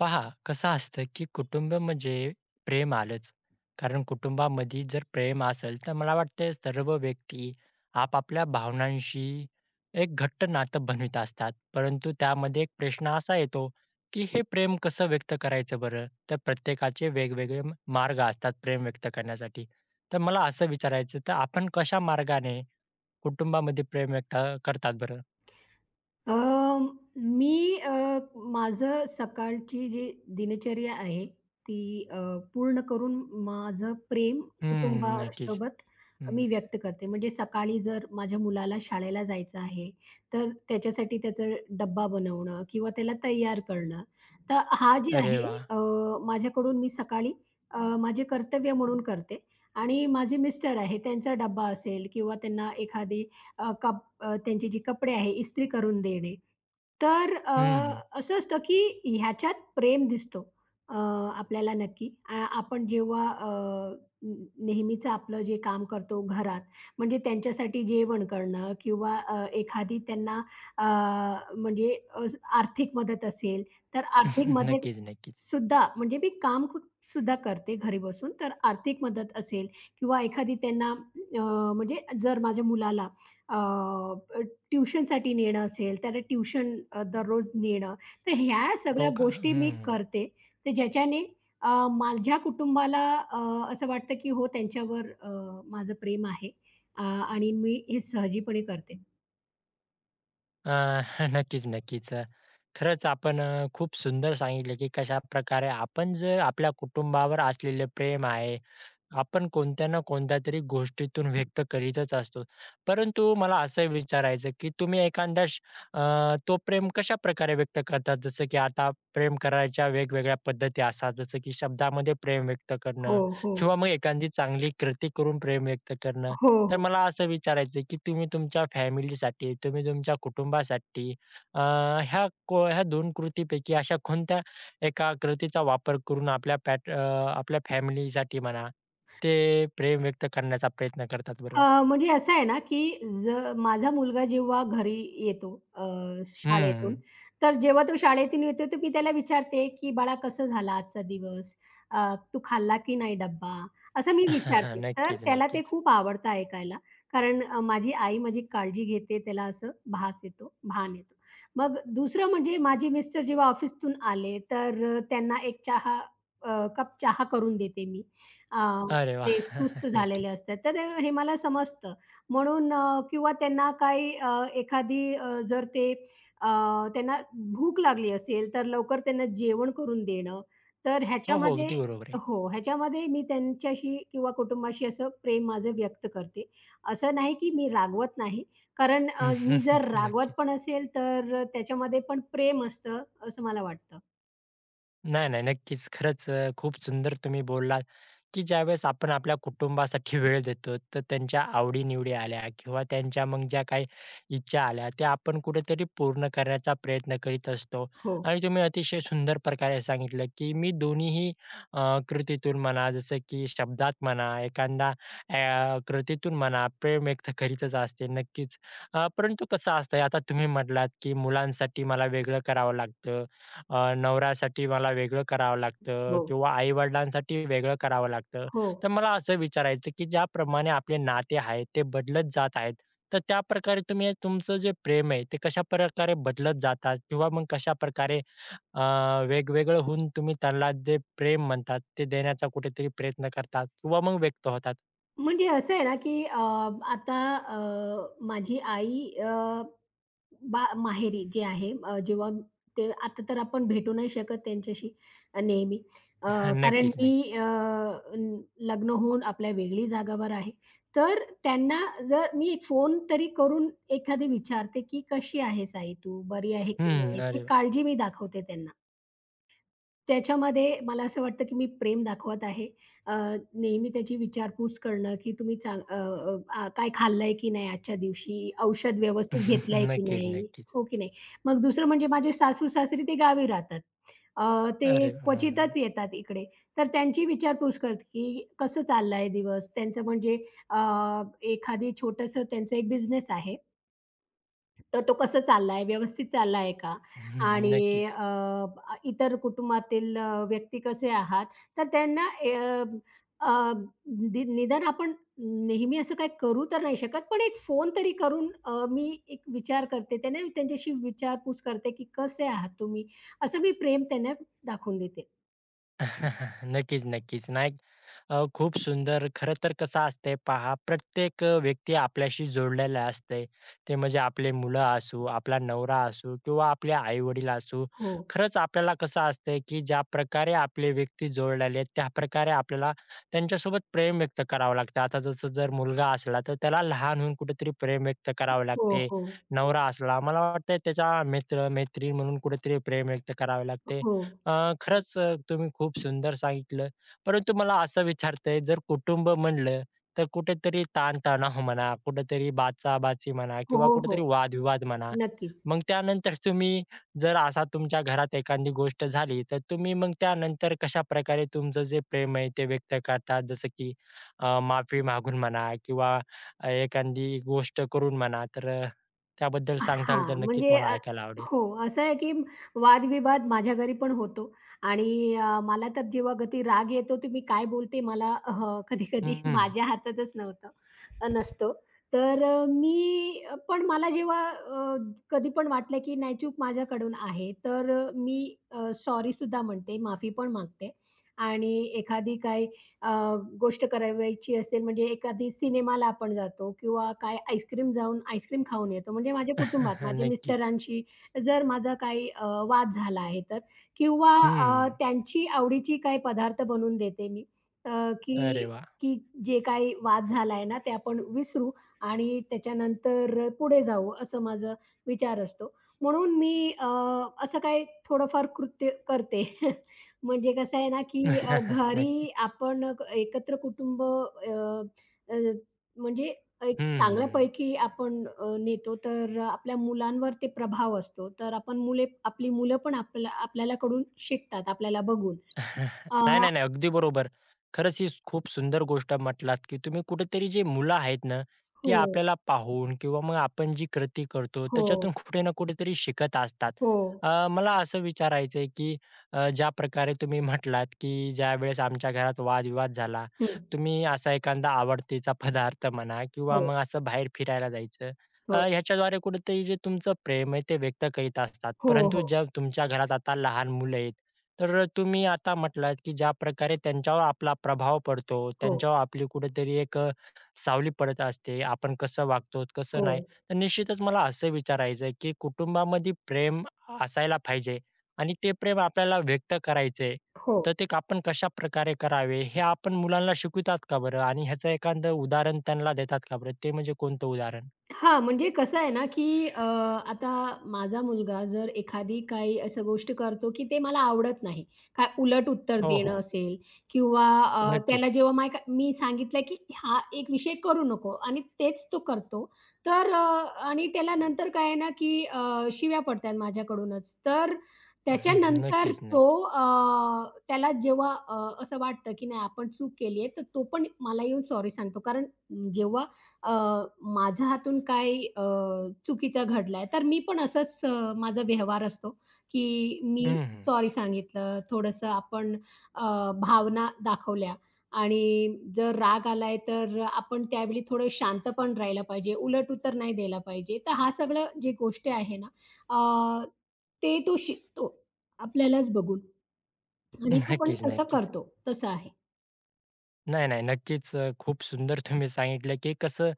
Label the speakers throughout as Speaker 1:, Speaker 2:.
Speaker 1: पहा, कसं असतं की कुटुंब म्हणजे प्रेम आलंच. कारण कुटुंबामध्ये जर प्रेम असेल, तर मला वाटते, सर्व व्यक्ती, आपापल्या भावनांशी एक घट्ट नातं बनवत असतात. परंतु त्यामध्ये एक प्रश्न असा येतो, की हे प्रेम कसं व्यक्त करायचं बरं. तर प्रत्येकाचे वेगवेगळे मार्ग असतात प्रेम व्यक्त करण्यासाठी. तर मला असं विचारायचं, तर आपण कशा मार्गाने कुटुंबामध्ये प्रेम व्यक्त करतात बरं?
Speaker 2: अ, मी अ, माझं सकाळची जी दिनचर्या आहे, ती अ, पूर्ण करून माझं प्रेम
Speaker 1: हं, नक्कीच.
Speaker 2: कुटुंबासोबत
Speaker 1: हं.
Speaker 2: मी व्यक्त करते. म्हणजे सकाळी जर माझ्या मुलाला शाळेला जायचं आहे, तर त्याच्यासाठी त्याचा डब्बा बनवणं किंवा त्याला तयार करणं, तर हा जे
Speaker 1: अरे
Speaker 2: आहे
Speaker 1: वाह!
Speaker 2: अ, माझ्याकडून मी सकाळी अ, माझे कर्तव्य म्हणून करते आणि माझे मिस्टर आहे, त्यांचा डब्बा असेल किंवा त्यांना एखादी अ, कप त्यांची जी कपडे आहेत, इस्त्री करून देणे. तर अ,
Speaker 1: हं, हं.
Speaker 2: असं असतं की ह्याच्यात प्रेम दिसतो अ, आपल्याला नक्की. अ, आपण जेव्हा अ, न नेहमीच आपलं जे काम करतो घरात, म्हणजे त्यांच्यासाठी जेवण करणं किंवा अ, एखादी त्यांना अ, म्हणजे अस आर्थिक मदत असेल, तर आर्थिक मदत
Speaker 1: नक्कीच, नक्कीच.
Speaker 2: सुद्धा, म्हणजे मी काम खूप सुद्धा करते घरी बसून. तर आर्थिक मदत असेल किंवा एखादी त्यांना अ, म्हणजे जर माझ्या मुलाला अ, ट्युशनसाठी नेणं असेल, त्याला ट्युशन अ, दररोज नेणं तर ह्या सगळ्या
Speaker 1: हो का?
Speaker 2: गोष्टी मी
Speaker 1: हं.
Speaker 2: करते. तर ज्याच्याने अ, माझ्या कुटुंबाला अ, असं वाटतं, की हो अ, त्यांच्यावर अ, माझं प्रेम आहे अ, आणि मी हे सहजीपणे करते.
Speaker 1: अ, नक्कीच नक्कीच, अ, खरंच आपण अ, खूप सुंदर सांगितलं, की कशाप्रकारे आपण जर आपल्या कुटुंबावर असलेले प्रेम आहे, आपण कोणत्या ना कोणत्यातरी गोष्टीतून व्यक्त करीतच असतो. परंतु मला असं विचारायचं, की तुम्ही एखादा अ, तो प्रेम कशाप्रकारे व्यक्त करतात? जसं, की आता प्रेम करायच्या वेगवेगळ्या पद्धती असतात, जसं की शब्दामध्ये प्रेम व्यक्त
Speaker 2: हो,
Speaker 1: करणं
Speaker 2: हो.
Speaker 1: किंवा मग एखादी चांगली कृती करून प्रेम व्यक्त करणं.
Speaker 2: हो,
Speaker 1: तर
Speaker 2: हो.
Speaker 1: मला असं विचारायचं, की तुम्ही तुमच्या फॅमिलीसाठी, तुम्ही तुमच्या कुटुंबासाठी अ, ह्या को ह्या 2 कृतीपैकी अशा कोणत्या एका कृतीचा वापर करून आपल्या पॅट अ, आपल्या फॅमिलीसाठी म्हणा, ते प्रेम व्यक्त करण्याचा प्रयत्न करतात बरं?
Speaker 2: अ, म्हणजे असं आहे ना, की ज माझा मुलगा जेव्हा घरी येतो अ,
Speaker 1: हं,
Speaker 2: शाळेतून
Speaker 1: हं.
Speaker 2: तर जेव्हा तो शाळेतून येतो तर मी त्याला विचारते, की "बाळा कसं झालं आजचा दिवस? अ, तू खाल्ला की नाही डब्बा?" असं मी विचारते. तर
Speaker 1: नक्कीच
Speaker 2: त्याला ते
Speaker 1: नक्कीच.
Speaker 2: खूप आवडतं ऐकायला, कारण अ, माझी आई माझी काळजी घेते, त्याला असं भास येतो, भान येतो. मग दुसरं म्हणजे माझे मिस्टर जेव्हा ऑफिसतून आले तर अ, त्यांना एक चहा अ, कप चहा करून देते मी. अ,
Speaker 1: अरे
Speaker 2: ते
Speaker 1: वाह!
Speaker 2: सुस्त झालेले
Speaker 1: नक्कीच.
Speaker 2: असतात, तर ते हे मला समजतं म्हणून अ, किंवा त्यांना काही अ, एखादी अ, जर ते अ, त्यांना भूक लागली असेल, तर लवकर त्यांना जेवण करून देणं. तर
Speaker 1: हो, हो,
Speaker 2: ह्याच्यामध्ये
Speaker 1: अगदी बरोबर आहे.
Speaker 2: हो. ह्याच्यामध्ये, मी त्यांच्याशी किंवा कुटुंबाशी असं प्रेम माझं व्यक्त करते. असं नाही की मी रागवत नाही, कारण अ, मी जर रागवत
Speaker 1: नक्कीच.
Speaker 2: पण असेल तर अ, त्याच्यामध्ये पण प्रेम असतं, असं मला वाटतं.
Speaker 1: नाही-नाही. नक्कीच खरंच अ, खूप सुंदर तुम्ही बोललात, की ज्यावेळेस आपण आपल्या कुटुंबासाठी वेळ देतो, तर त्यांच्या आवडी-निवडी आल्या, किंवा त्यांच्या मग ज्या काही इच्छा आल्या, त्या आपण कुठेतरी पूर्ण करण्याचा प्रयत्न करीत असतो.
Speaker 2: हो.
Speaker 1: आणि तुम्ही अतिशय सुंदर प्रकारे सांगितलं, की "मी दोन्ही ही अ, कृतीतून म्हणा जसं की शब्दात म्हणा, एखादा अ, कृतीतून म्हणा, प्रेम व्यक्त करीतच असते", नक्कीच. अ, परंतु कसं असतं आता तुम्ही म्हटलात, की "मुलांसाठी मला वेगळं करावं लागतं". अ, "नवऱ्यासाठी मला वेगळं करावं लागतं"
Speaker 2: हो.
Speaker 1: किंवा "आई-वडिलांसाठी वेगळं करावं लागतं".
Speaker 2: हो.
Speaker 1: तर मला असं विचारायचं, की ज्याप्रमाणे आपले नाते आहेत, ते बदलत जात आहेत. तर त्याप्रकारे तुम्ही अ, तुमचं जे प्रेम आहे, ते कशाप्रकारे बदलत जातात, किंवा मग कशाप्रकारे अ, वेगवेगळं होऊन, तुम्ही त्यांना जे प्रेम म्हणतात, ते देण्याचा कुठेतरी प्रयत्न करतात? किंवा मग व्यक्त होतात?
Speaker 2: म्हणजे असं आहे ना, की अ, आता अ माझी आई अ बा माहेरी जी आहे. म जेव्हा ते आता तर आपण भेटू नाही शकत त्यांच्याशी अ, नेहमी. अ,
Speaker 1: हां.
Speaker 2: कारण
Speaker 1: नक्कीच, नक्की.
Speaker 2: मी अ, लग्न होऊन आपल्या वेगळी जागेवर आहे. तर त्यांना जर मी फोन तरी करून एखादी विचारते, की "कशी आहेस आई तू? बरी आहे की
Speaker 1: हं.
Speaker 2: नाही"? ती
Speaker 1: अरे वा.
Speaker 2: काळजी मी दाखवते त्यांना. त्याच्यामध्ये मला असं वाटतं, की मी प्रेम दाखवत आहे. अ, नेहमी त्याची विचारपूस करणं, की "तुम्ही चांग अ अ, अ, काय खाल्लं आहे की नाही आजच्या दिवशी? औषध व्यवस्थित घेतलं आहे की नाही?"
Speaker 1: नक्कीच-नक्कीच.
Speaker 2: हो की नाही. मग दुसरं म्हणजे माझे सासू-सासरी ते गावी राहतात. अ, ते
Speaker 1: अरे! हं.
Speaker 2: क्वचितच येतात इकडे. तर त्यांची विचारपूस करते, की "कसं चाललं आहे दिवस?" त्यांचं म्हणजे अ, एखादी छोटंसं त्यांचं एक बिझनेस आहे. तर तो कसा चाललाय व्यवस्थित चाललाय का? आणि
Speaker 1: नक्कीच.
Speaker 2: अ, इतर कुटुंबातील अ, व्यक्ती कसे आहात? तर त्यांना अ, अ, दी निदान आपण नेहमी असं काही करू तर नाही शकत. पण एक फोन तरी करून अ, मी एक विचार करते त्यांना त्यांच्याशी विचारपूस करते, की "कसे आहात तुम्ही?" असं मी प्रेम त्यांना दाखवून देते.
Speaker 1: नक्कीच, नक्कीच, नाही अ, खूप सुंदर खरं तर कसं असते पहा, प्रत्येक अ, व्यक्ती आपल्याशी जोडलेली असते. ते म्हणजे आपले मुलं असू, आपला नवरा असू किंवा आपले आई-वडील असू.
Speaker 2: हो.
Speaker 1: खरंच आपल्याला कसं असते, की ज्या प्रकारे आपले व्यक्ती जोडलेले आहेत त्या प्रकारे आपल्याला त्यांच्यासोबत प्रेम व्यक्त करावं लागते. आता जसं जर मुलगा असला, तर त्याला लहान होऊन कुठेतरी प्रेम व्यक्त करावं
Speaker 2: हो,
Speaker 1: लागते.
Speaker 2: हो.
Speaker 1: नवरा असला मला वाटते, त्याचा मित्र-मैत्रीण म्हणून कुठेतरी प्रेम व्यक्त करावे लागते.
Speaker 2: हो.
Speaker 1: अ, खरंच अ, तुम्ही खूप सुंदर सांगितलं. परंतु मला असं विचारतय आहे जर कुटुंब म्हणलं तर कुठेतरी ताणतणाव म्हणा, कुठेतरी बाचाबाची म्हणा किंवा
Speaker 2: हो,
Speaker 1: कुठेतरी
Speaker 2: हो.
Speaker 1: वादविवाद म्हणा,
Speaker 2: नक्कीच.
Speaker 1: मग त्यानंतर तुम्ही जर असा तुमच्या घरात एखादी गोष्ट झाली, तर तुम्ही मग त्यानंतर कशाप्रकारे तुमचं जे प्रेम आहे ते व्यक्त करतात? जसं की अ, माफी मागून म्हणा किंवा अ, एखादी गोष्ट करून म्हणा, तर अ, त्याबद्दल
Speaker 2: अ,
Speaker 1: सांगाल तर
Speaker 2: हां,
Speaker 1: नक्कीच
Speaker 2: म्हणजे
Speaker 1: मला
Speaker 2: अ,
Speaker 1: ऐकायला आवडेल?
Speaker 2: हो. असं आहे की वाद-विवाद माझ्या घरी पण होतो, आणि अ, मला तर जेव्हा कधी राग येतो तर मी काय बोलते मला हं, कधी-कधी
Speaker 1: हं, हं.
Speaker 2: माझ्या हातातच नव्हतं नसतो. तर अ, मी पण मला जेव्हा अ, कधी पण वाटलं की नाही चूक माझ्याकडून आहे. तर अ, मी अ, सॉरी सुद्धा म्हणते, माफी पण मागते. आणि एखादी काही अ, गोष्ट करावयाची असेल, म्हणजे एखादी सिनेमाला आपण जातो किंवा काय आईसक्रीम जाऊन आईसक्रीम खाऊन येतो. म्हणजे माझ्या कुटुंबात माझ्या
Speaker 1: नक्कीच.
Speaker 2: मिस्टरांशी जर माझा काही अ, वाद झाला आहे. तर किंवा
Speaker 1: हं,
Speaker 2: अ,
Speaker 1: हं.
Speaker 2: त्यांची आवडीची काही पदार्थ बनवून देते मी. अ,
Speaker 1: अरे
Speaker 2: की
Speaker 1: वाह!
Speaker 2: की जे काही वाद झालाय ना, ते आपण विसरू आणि त्याच्यानंतर अ, पुढे जाऊ असं माझा विचार असतो. म्हणून मी अ, असं काही थोडंफार कृत्य करते. म्हणजे कसं आहे ना, अ, की
Speaker 1: नक्कीच.
Speaker 2: घरी आपण अ, एकत्र कुटुंब अ, अ, म्हणजे एक
Speaker 1: हं, हं, हं.
Speaker 2: चांगल्यापैकी आपण अ, नेतो तर अ, आपल्या मुलांवर ते प्रभाव असतो. तर आपण मुले आपली मुलं पण आपल्या आपल्याला कडून शिकतात आपल्याला बघून. अ
Speaker 1: नाही, नाही, नाही, अगदी बरोबर. खरंच ही स खूप सुंदर गोष्ट म्हटलात, की तुम्ही कुठेतरी जी मुलं आहेत ना, ती
Speaker 2: हो.
Speaker 1: आपल्याला पाहून किंवा मग आपण जी कृती करतो
Speaker 2: हो.
Speaker 1: त्याच्यातून कुठे ना कुठेतरी शिकत असतात.
Speaker 2: हो.
Speaker 1: अ, मला असं विचारायचं आहे, की अ, ज्या प्रकारे तुम्ही म्हटलात की, ज्यावेळेस आमच्या घरात वाद-विवाद झाला,
Speaker 2: हं.
Speaker 1: तुम्ही असा एखादा आवडतीचा पदार्थ म्हणा किंवा मग
Speaker 2: हो.
Speaker 1: असं बाहेर फिरायला जायचं.
Speaker 2: हो.
Speaker 1: अ, याच्याद्वारे कुठेतरी जे तुमचं प्रेम आहे, ते व्यक्त करीत असतात.
Speaker 2: हो,
Speaker 1: परंतु
Speaker 2: हो.
Speaker 1: जर तुमच्या घरात आता लहान मुलं आहेत. तर अ, तुम्ही आता म्हटलात की ज्याप्रकारे त्यांच्यावर आपला प्रभाव पडतो,
Speaker 2: हो.
Speaker 1: त्यांच्यावर आपली कुठेतरी एक अ, सावली पडत असते. आपण कसं वागतो, कसं
Speaker 2: हो.
Speaker 1: नाही. तर निश्चितच मला असं विचारायचं आहे की कुटुंबामध्ये प्रेम असायला पाहिजे, आणि ते प्रेम आपल्याला व्यक्त करायचं आहे.
Speaker 2: हो.
Speaker 1: तर ते आपण कशाप्रकारे करावे. हे आपण मुलांना शिकवतात का बरं आणि ह्याचं एखादं उदाहरण त्यांना देतात का बरं, ते म्हणजे कोणतं उदाहरण?
Speaker 2: हां, म्हणजे कसं आहे ना, की अ, आता माझा मुलगा जर एखादी काही अशा गोष्टी करतो, की ते मला आवडत नाही. काय उलट उत्तर
Speaker 1: हो,
Speaker 2: देणं
Speaker 1: हो.
Speaker 2: असेल किंवा अ, त्याला
Speaker 1: नक्कीच.
Speaker 2: जेव्हा माय मी सांगितलं की हा एक विषय करू नको आणि तेच तो करतो. तर अ, आणि त्याला नंतर काय आहे ना की अ, शिव्या पडतायेत माझ्याकडूनच. तर त्याच्यानंतर
Speaker 1: नक्कीच,
Speaker 2: तो
Speaker 1: नक्कीच.
Speaker 2: अ, त्याला जेव्हा अ, असं वाटतं, की नाही आपण चूक केली आहे, तर तो पण मला येऊन सॉरी सांगतो. कारण जेव्हा अ, माझ्या हातून काही अ, चुकीचं घडलय, तर मी पण असंच अ, माझा व्यवहार असतो की मी
Speaker 1: हं, हं.
Speaker 2: सॉरी सांगितलं. थोडंसं आपण अ, भावना दाखवल्या आणि जर राग आलाय तर आपण त्यावेळी थोडं शांतपण राहिला पाहिजे. उलट उत्तर नाही द्यायला पाहिजे. तर हा सगळं जी गोष्ट आहे ना, अ, ते तो शिकतो. आपल्यालाच बघून. आणि तो पण
Speaker 1: नक्कीच,
Speaker 2: तसं
Speaker 1: नक्कीच.
Speaker 2: करतो तसं आहे.
Speaker 1: नाही, नाही. नक्कीच. अ, खूप सुंदर तुम्ही सांगितलं, की कसं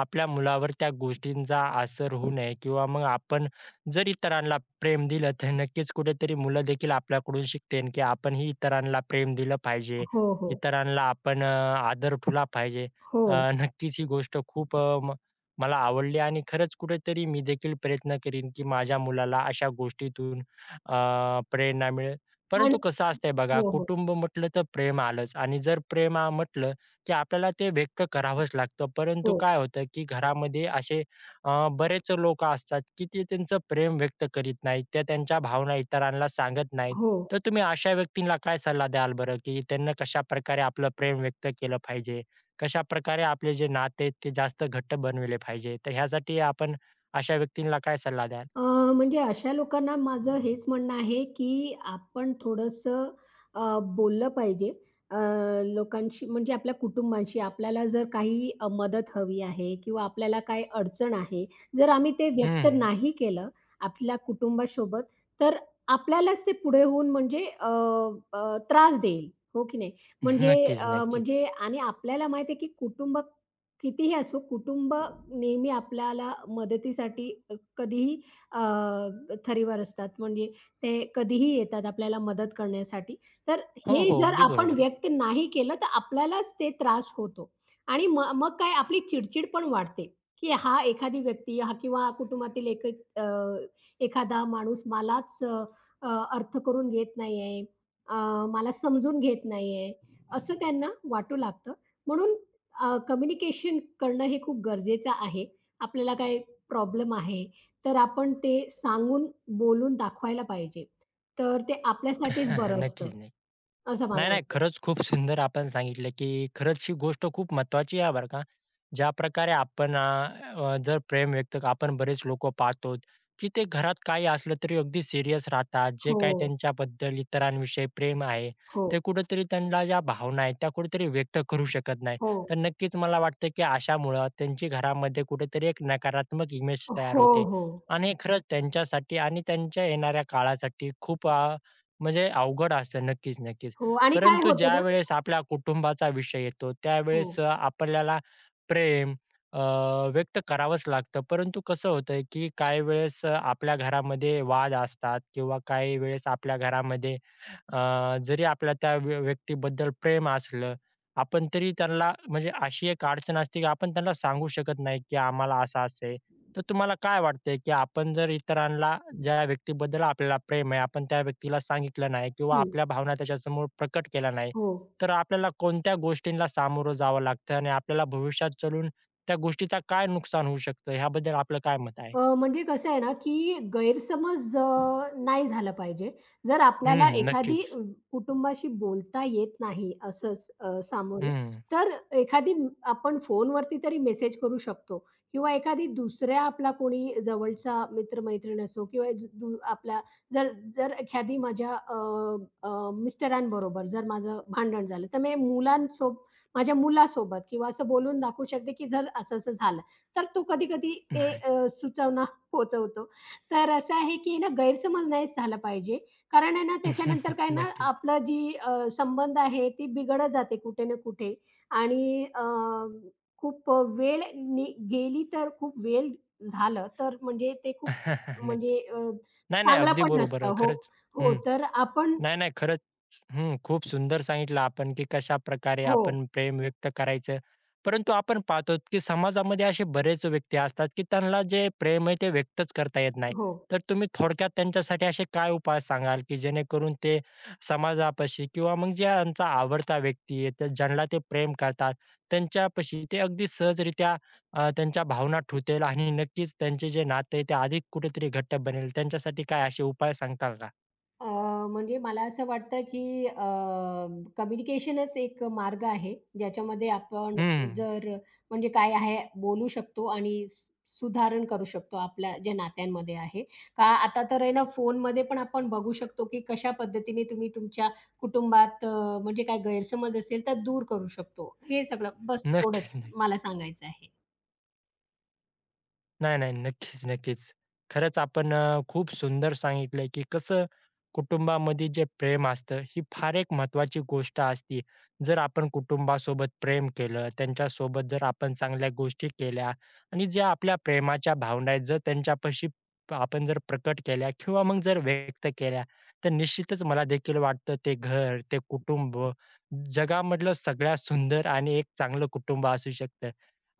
Speaker 1: आपल्या मुलावर त्या गोष्टींचा असर होऊ नये किंवा मग आपण जर इतरांना प्रेम दिलं, तर नक्कीच कुठेतरी मुलं देखील आपल्याकडून शिकतील, की आपणही इतरांना प्रेम दिलं पाहिजे.
Speaker 2: हो, हो.
Speaker 1: इतरांना आपण अ, आदर ठेवला पाहिजे.
Speaker 2: हो.
Speaker 1: नक्कीच, ही गोष्ट खूप अ, म मला आवडली आणि खरंच कुठेतरी मी देखील प्रयत्न करीन, की माझ्या मुलाला अशा गोष्टीतून अ, प्रेरणा मिळेल.
Speaker 2: आणि
Speaker 1: परंतु कसं असतंय बघा,
Speaker 2: हो, हो.
Speaker 1: कुटुंब म्हटलं तर प्रेम आलंच आणि जर प्रेमा म्हटलं, की आपल्याला ते व्यक्त करावंच लागतं. परंतु
Speaker 2: हो.
Speaker 1: काय होतं, की घरामध्ये असे अ, बरेच लोकं असतात, की ते त्यांचं प्रेम व्यक्त करीत नाहीत, ते त्यांच्या भावना इतरांना सांगत नाहीत.
Speaker 2: हो.
Speaker 1: तर तुम्ही अशा व्यक्तींना काय सल्ला द्याल बरं, की त्यांना कशाप्रकारे आपलं प्रेम व्यक्त केलं पाहिजे? कशाप्रकारे आपले जे नाते आहेत, ते जास्त घट्ट बनवले पाहिजे? तर ह्यासाठी आपण अशा व्यक्तींना काय सल्ला द्याल?
Speaker 2: अ, म्हणजे अशा लोकांना माझं हेच म्हणणं आहे, की आपण थोडंसं अ, बोललं पाहिजे अ, लोकांशी म्हणजे आपल्या कुटुंबाशी. आपल्याला जर काही अ, मदत हवी आहे किंवा आपल्याला काही अडचण आहे. जर आम्ही ते व्यक्त
Speaker 1: हं.
Speaker 2: नाही केलं आपल्या कुटुंबासोबत तर आपल्यालाच ते पुढे होऊन, म्हणजे अ, अ, त्रास देईल, हो की नाही? म्हणजे
Speaker 1: नक्कीच,
Speaker 2: अ,
Speaker 1: नक्कीच.
Speaker 2: म्हणजे आणि आपल्याला माहिती आहे की कुटुंब कितीही असो, कुटुंब नेहमी आपल्याला मदतीसाठी कधीही अ, थरीवर असतात म्हणजे ते कधीही येतात आपल्याला मदत करण्यासाठी. तर
Speaker 1: हो,
Speaker 2: हे
Speaker 1: हो,
Speaker 2: जर
Speaker 1: अगदी
Speaker 2: आपण
Speaker 1: बरोबर आहे.
Speaker 2: व्यक्त नाही केलं तर आपल्यालाच ते त्रास होतो आणि मग मग काय, आपली चिड-चिड पण वाढते, की हा एखादी व्यक्ती हा किंवा कुटुंबातील एक अ, एखादा माणूस मलाच अ, अर्थ करून घेत नाहीये. अ, मला समजून घेत नाहीये. असं त्यांना वाटू लागतं. म्हणून अ, कम्युनिकेशन करणं हे खूप गरजेचं आहे. आपल्याला काही प्रॉब्लेम आहे. तर आपण ते सांगून, बोलून दाखवायला पाहिजे. तर ते आपल्यासाठीच बरं असतं
Speaker 1: नक्कीच नाही.
Speaker 2: असं
Speaker 1: नाही,
Speaker 2: मला
Speaker 1: नाही.
Speaker 2: वाटतं.
Speaker 1: खरंच खूप सुंदर आपण सांगितलं, की खरंच ही गोष्ट खूप महत्वाची आहे बरं का. ज्याप्रकारे आपण अ, अ, जर प्रेम व्यक्त आपण बरेच लोकं पाहतो, की ते घरात काही असलं तरी अगदी सीरियस राहतात. जे काही
Speaker 2: हो.
Speaker 1: त्यांच्याबद्दल, इतरांविषयी प्रेम आहे.
Speaker 2: हो.
Speaker 1: ते कुठेतरी त्यांना ज्या भावना आहेत, त्या कुठेतरी व्यक्त करू शकत नाही.
Speaker 2: हो.
Speaker 1: तर नक्कीच मला वाटतं, की अशामुळे त्यांची घरामध्ये कुठेतरी, एक नकारात्मक इमेज तयार
Speaker 2: हो,
Speaker 1: होते
Speaker 2: हो.
Speaker 1: आणि खरंच त्यांच्यासाठी आणि त्यांच्या येणाऱ्या काळासाठी खूप अ, म्हणजे अवघड असते. नक्कीच, नक्कीच.
Speaker 2: हो, आणि काय
Speaker 1: परंतु
Speaker 2: होतं ना?
Speaker 1: ज्यावेळेस आपल्या कुटुंबाचा विषय येतो, त्यावेळेस
Speaker 2: हो.
Speaker 1: अ, आपल्याला प्रेम अ, व्यक्त करावंच लागतं. परंतु कसं होतय, की काही वेळेस अ, आपल्या घरामध्ये वाद असतात किंवा काही वेळेस आपल्या घरामध्ये, अ, जरी आपल्या त्या व्य व्यक्तीबद्दल प्रेम असलं, आपण तरी त्यांला म्हणजे अशी एक अडचण असते, की आपण त्यांना सांगू शकत नाही, की आम्हाला असं-असं आहे. तर तुम्हाला काय वाटतंय, की आपण जर इतरांना ज्या व्यक्तीबद्दल आपल्याला प्रेम आहे, आपण त्या व्यक्तीला सांगितलं नाही किंवा
Speaker 2: हं.
Speaker 1: आपल्या भावना त्याच्यासमोर प्रकट केल्या नाही,
Speaker 2: हो.
Speaker 1: तर आपल्याला कोणत्या गोष्टींना सामोरं जावं लागतं आणि आपल्याला भविष्यात चालून त्या गोष्टीचा काय नुकसान होऊ शकतं? याबद्दल आपलं काय मत आहे?
Speaker 2: अ, म्हणजे कसं आहे ना की गैरसमज अ, नाही झालं पाहिजे. जर
Speaker 1: हं,
Speaker 2: आपल्याला
Speaker 1: हं.
Speaker 2: एखादी
Speaker 1: नक्कीच.
Speaker 2: कुटुंबाशी बोलता येत नाही असं स
Speaker 1: हं,
Speaker 2: सामोरे,
Speaker 1: हं.
Speaker 2: तर एखादी आपण फोनवरती तरी मेसेज करू शकतो किंवा एखादी दुसऱ्या आपला कोणी जवळचा मित्र-मैत्रीण असो किंवा ज ज आपला जर जर एखादी माझ्या अ, अ, मिस्टरांबरोबर जर माझं भांडण झालं तर मी मुलांसोबत माझ्या मुलांसोबत किंवा असं बोलून दाखवू शकते, की जर असं-असं झालं. तर तो कधी-कधी ते अ, सुचवना पोहचवतो. तर असं आहे की ना गैरसमज नाहीच झाला पाहिजे. कारण आहे ना त्याच्यानंतर काय ना
Speaker 1: नक्कीच.
Speaker 2: आपलं जी अ, संबंध आहे ती बिघडत जाते कुठे ना कुठे आणि अ, खूप वेळ गेली तर खूप वेळ झालं तर म्हणजे ते खूप म्हणजे
Speaker 1: नक्की.
Speaker 2: अ,
Speaker 1: नाही, नाही.
Speaker 2: चांगलं
Speaker 1: अगदी
Speaker 2: पण
Speaker 1: बरोबर
Speaker 2: नसतं
Speaker 1: आहे
Speaker 2: हो,
Speaker 1: खरंच.
Speaker 2: हो.
Speaker 1: हं.
Speaker 2: तर आपण
Speaker 1: नाही-नाही खरंच. हं खूप सुंदर सांगितलं आपण, की कशाप्रकारे
Speaker 2: हो.
Speaker 1: आपण प्रेम व्यक्त करायचं. परंतु आपण पाहतो, की समाजामध्ये असे बरेच व्यक्ती असतात, की त्यांना जे प्रेम आहे, ते व्यक्तच करता येत नाही.
Speaker 2: हो.
Speaker 1: तर तुम्ही थोडक्यात त्यांच्यासाठी असे काय उपाय सांगाल, की जेणेकरून ते समाजापाशी किंवा मग जे त्यांचा आवडता व्यक्ती आहे, ज्यांला ते प्रेम करतात, त्यांच्यापाशी ते अगदी सहजरित्या अ, त्यांच्या भावना ठेवतील आणि नक्कीच त्यांचे जे नाते, ते अधिक कुठेतरी घट्ट बनेल. त्यांच्यासाठी काय असे उपाय सांगाल का?
Speaker 2: अ, म्हणजे मला असं वाटतं की अ, कम्युनिकेशनच एक मार्ग आहे. ज्याच्यामध्ये आपण
Speaker 1: हं.
Speaker 2: जर म्हणजे काय आहे बोलू शकतो आणि स सुधारणा करू शकतो आपल्या ज्या नात्यांमध्ये आहे, का आता तर आहे ना फोनमध्ये पण आपण बघू शकतो, की कशा पद्धतीने तुम्ही तुमच्या कुटुंबात अ, म्हणजे काय गैरसमज असेल, तर दूर करू शकतो. हे सगळं बस थोडंच
Speaker 1: नक्कीच-नक्कीच.
Speaker 2: मला सांगायचं आहे.
Speaker 1: नाही-नाही. नक्कीच-नक्कीच. खरंच आपण अ, खूप सुंदर सांगितलय, की कसं कुटुंबामध्ये जे प्रेम असतं ही फार एक महत्वाची गोष्ट असते. जर आपण कुटुंबासोबत प्रेम केलं, त्यांच्यासोबत जर आपण चांगल्या गोष्टी केल्या आणि ज्या आपल्या प्रेमाच्या भावना आहेत जर त्यांच्यापाशी प आपण जर प्रकट केल्या किंवा मग जर व्यक्त केल्या तर निश्चितच मला देखील वाटतं ते घर, ते कुटुंब जगामधलं सगळ्यात सुंदर आणि एक चांगलं कुटुंब असू शकतं.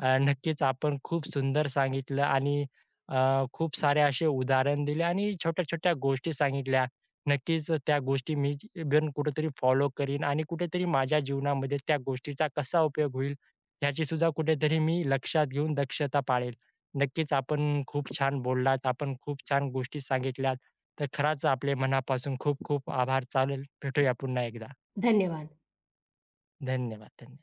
Speaker 1: अ, नक्कीच आपण खूप सुंदर सांगितलं आणि अ, खूप सारे असे उदाहरण दिले आणि छोट्या-छोट्या गोष्टी सांगितल्या. नक्कीच अ, त्या गोष्टी मी ग कुठेतरी फॉलो करीन आणि कुठेतरी माझ्या जीवनामध्ये त्या गोष्टीचा कसा उपयोग होईल याची सुद्धा कुठेतरी मी लक्षात घेऊन दक्षता पाळेल. नक्कीच आपण खूप छान बोललात. आपण खूप छान गोष्टी सांगितल्यात, तर खरंच आपले मनापासून खूप खूप आभार. चालेल, भेटूया पुन्हा एकदा.
Speaker 2: धन्यवाद.
Speaker 1: धन्यवाद, धन्य